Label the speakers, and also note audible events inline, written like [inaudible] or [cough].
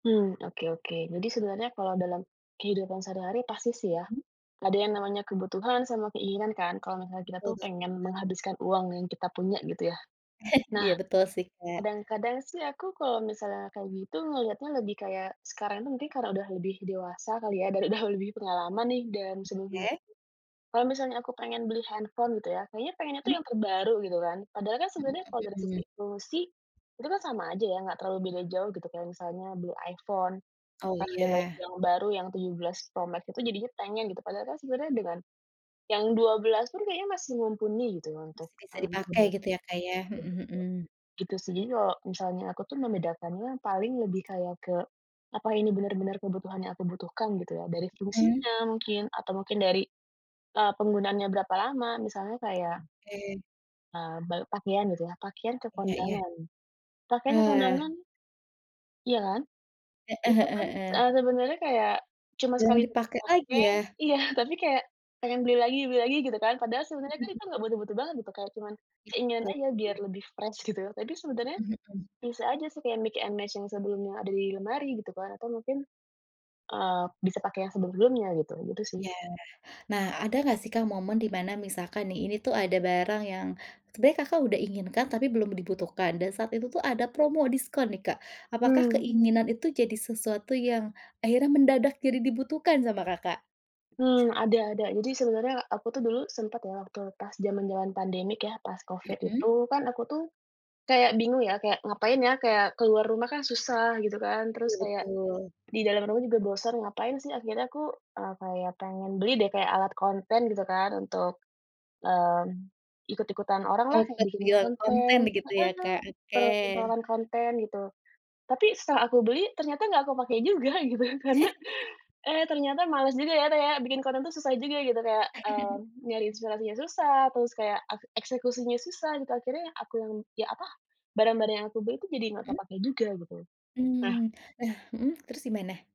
Speaker 1: Mmm, oke oke jadi sebenarnya kalau dalam, kehidupan sehari-hari pasti sih ya,
Speaker 2: Mhm.
Speaker 1: ada yang namanya kebutuhan sama keinginan kan kalau misalnya kita
Speaker 2: Betul
Speaker 1: tuh
Speaker 2: ba
Speaker 1: pengen menghabiskan uang yang kita punya gitu ya,
Speaker 2: [chuckles]
Speaker 1: nah,
Speaker 2: Iya betul sih Kak.
Speaker 1: kadang-kadang sih aku kalau misalnya kayak gitu melihatnya lebih kayak sekarang tuh mungkin karena udah lebih dewasa kali ya dan udah lebih pengalaman nih dari sebelum-sebelum.
Speaker 2: Oke.
Speaker 1: Kalau misalnya aku pengen beli handphone gitu ya kayaknya pengennya tuh
Speaker 2: Mmm.
Speaker 1: yang terbaru gitu kan padahal kan
Speaker 2: Mhm
Speaker 1: sebenarnya kalau dari sisi
Speaker 2: mhm.
Speaker 1: fungsi, itu kan sama aja ya nggak terlalu beda jauh gitu kayak misalnya beli iPhone,
Speaker 2: Oh
Speaker 1: karena [unintelligible]
Speaker 2: iya.
Speaker 1: yang baru yang 17 Pro Max itu jadinya pengen gitu padahalkan sebenarnya dengan, yang 12 pun kayaknya masih mumpuni gitu untuk
Speaker 2: Bisa
Speaker 1: mengambil
Speaker 2: dipakai
Speaker 1: gambar.
Speaker 2: gitu ya Kak ya? Mhm mhm.
Speaker 1: Gitu sih jadi kalau misalnya aku tuh membedakannya paling lebih kayak ke, apa ini benar-benar kebutuhan yang aku butuhkan gitu ya dari
Speaker 2: Mmm.
Speaker 1: fungsinya mungkin atau mungkin dari, eee, penggunaannya berapa lama misalnya kayak
Speaker 2: Oke.
Speaker 1: Eee, ba pakaian gitu ya pakaian ke
Speaker 2: Iya iya.
Speaker 1: kondangan pakaian ke
Speaker 2: Eh.
Speaker 1: kondangan. Ya kan,
Speaker 2: Heeh
Speaker 1: itu kan,
Speaker 2: heeh heeh.
Speaker 1: eee, sebenarnya kayak cuma
Speaker 2: Jarang
Speaker 1: sekali
Speaker 2: dipakai lagi
Speaker 1: pakai
Speaker 2: ya?
Speaker 1: iya tapi kayak pengen beli lagi beli lagi gitu kan padahal sebenarnya kan
Speaker 2: [chuckles]
Speaker 1: itu nggak butuh-butuh banget kayak cuman keinginan aja biar
Speaker 2: [unintelligible]
Speaker 1: lebih fresh gitu tapi sebenarnya,
Speaker 2: Mhm mhm.
Speaker 1: bisa aja supaya mix and match yang sebelumnya ada di lemari gitu kan atau mungkin, eee, bisa pakai yang sebelum-sebelumnya gitu itu sih.
Speaker 2: Iya nah ada gak sih Kak momen dimana misalkan nih ini tuh ada barang yang sebenernya Kakak udah inginkan tapi belum dibutuhkan dan saat itu tuh ada promo diskon nih Kak apakah
Speaker 1: Mmm.
Speaker 2: keinginan itu jadi sesuatu yang akhirnya mendadak jadi dibutuhkan sama Kakak?
Speaker 1: Mmm, ada ada jadi sebenarnya aku tuh dulu sempat loh waktu pas zaman-zaman pandemi kayaknya pas Covid
Speaker 2: Mhm.
Speaker 1: itu kan aku tuh, kayak bingung ya kayak ngapain ya kayak keluar rumah kan susah gitu kan
Speaker 2: Betul
Speaker 1: terus kayak,
Speaker 2: betul.
Speaker 1: di dalam rumah juga bosan ngapain sih akhirnya aku, eee, kayak pengen beli deh kayak alat konten gitu kan untuk, mmm, ikut-ikutan oranglah
Speaker 2: Oh
Speaker 1: kayak bikin
Speaker 2: [unintelligible] konten
Speaker 1: konten,
Speaker 2: gitu ya, Kak?
Speaker 1: heeh,
Speaker 2: Oke.
Speaker 1: [unintelligible] konten gitu, tapi setelah aku beli ternyata nggak aku pakai juga gitu karena,
Speaker 2: [laughs]
Speaker 1: eh, ternyata malas juga ya kayak bikin konten itu susah juga gitu kayak, eee,
Speaker 2: [chuckles]
Speaker 1: nyari inspirasinya susah terus kayak ak eksekusinya susah gitu akhirnya aku yang apa barang-barang yang aku beli itu jadi nggak
Speaker 2: Mhm.
Speaker 1: terpakai juga gitu, nah.
Speaker 2: Mmm, nah, mhm, terus gimana?